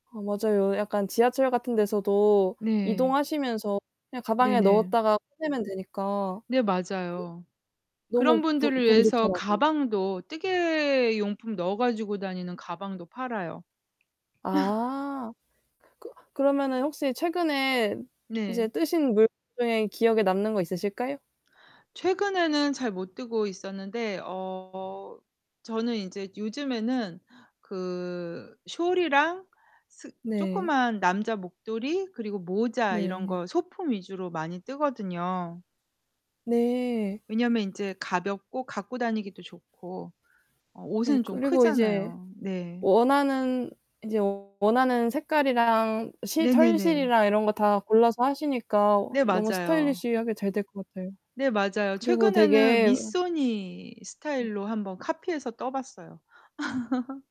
아 맞아요. 약간 지하철 같은 데서도 네. 이동하시면서 그냥 가방에 네네. 넣었다가 꺼내면 되니까. 네. 맞아요. 그 그런 너무 보 분들을 보기 위해서 좋더라고요. 가방도 뜨개 용품 넣어 가지고 다니는 가방도 팔아요. 아. 그 그러면은 혹시 최근에 이제 네. 뜨신 물건 중에 기억에 남는 거 있으실까요? 최근에는 잘 못 뜨고 있었는데 어 저는 인제 요즘에는 그 숄이랑 스 네. 쪼끄만 남자 목도리 그리고 모자 이런 네. 거 소품 위주로 많이 뜨거든요. 네. 왜냐면 인제 가볍고 갖고 다니기도 좋고. 어 네. 옷은 좀 그리고 이제 크잖아요. 네. 원하는, 인제 원하는 색깔이랑 시 네네네. 털실이랑 이런 거 다 골라서 하시니까 네. 너무 맞아요. 스타일리시하게 잘 될 것 같아요. 네. 맞아요. 그리고 최근에는 되게 으 미쏘니 네. 스타일로 한번 카피해서 떠 봤어요.